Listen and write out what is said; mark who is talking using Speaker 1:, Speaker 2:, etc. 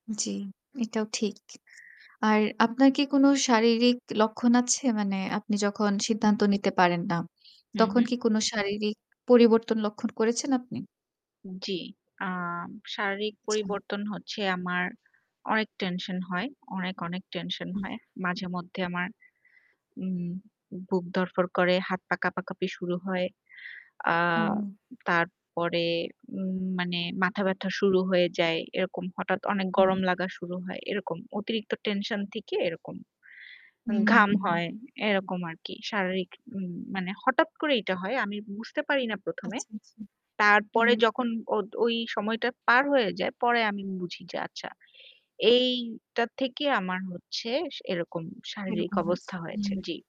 Speaker 1: জ্বি। এটাও ঠিক। আর আপনার কি কোন শারীরিক লক্ষণ আছে? মানে আপনি যখন সিদ্ধান্ত নিতে পারেন না
Speaker 2: হুম,
Speaker 1: তখন
Speaker 2: হুম।
Speaker 1: কি কোন শারীরিক পরিবর্তন লক্ষণ করেছেন আপনি?
Speaker 2: জ্বি। আম শারীরিক
Speaker 1: আচ্ছা।
Speaker 2: পরিবর্তন হচ্ছে আমার অনেক টেনশন হয়। অনেক, অনেক টেনশন
Speaker 1: হুম।
Speaker 2: হয়। মাঝে মধ্যে আমার উম বুক ধড়ফড় করে, হাত পা কাঁপাকাঁপি শুরু হয়। আ
Speaker 1: ও!
Speaker 2: তারপরে উম মানে মাথা ব্যথা শুরু হয়ে যায়। এরকম হঠাৎ অনেক গরম
Speaker 1: হুম।
Speaker 2: লাগা শুরু হয়। এরকম অতিরিক্ত টেনশন থেকে এরকম। ঘাম
Speaker 1: হুম।
Speaker 2: হয় এরকম আরকি। শারীরিক উম মানে হঠাৎ এইটা করে এটা হয়। আমি বুঝতে পারি না ১ম এ।
Speaker 1: আচ্ছা, আচ্ছা,
Speaker 2: তারপরে
Speaker 1: হুম।
Speaker 2: যখন ওদ ওই সময়টা পার হয়ে যায় পরে আমি বুঝি যে আচ্ছা। এইটা থেকে আমার হচ্ছে সে এরকম শারীরিক
Speaker 1: এরকম আছে
Speaker 2: অবস্থা হয়েছে।
Speaker 1: হুম।
Speaker 2: জ্বি।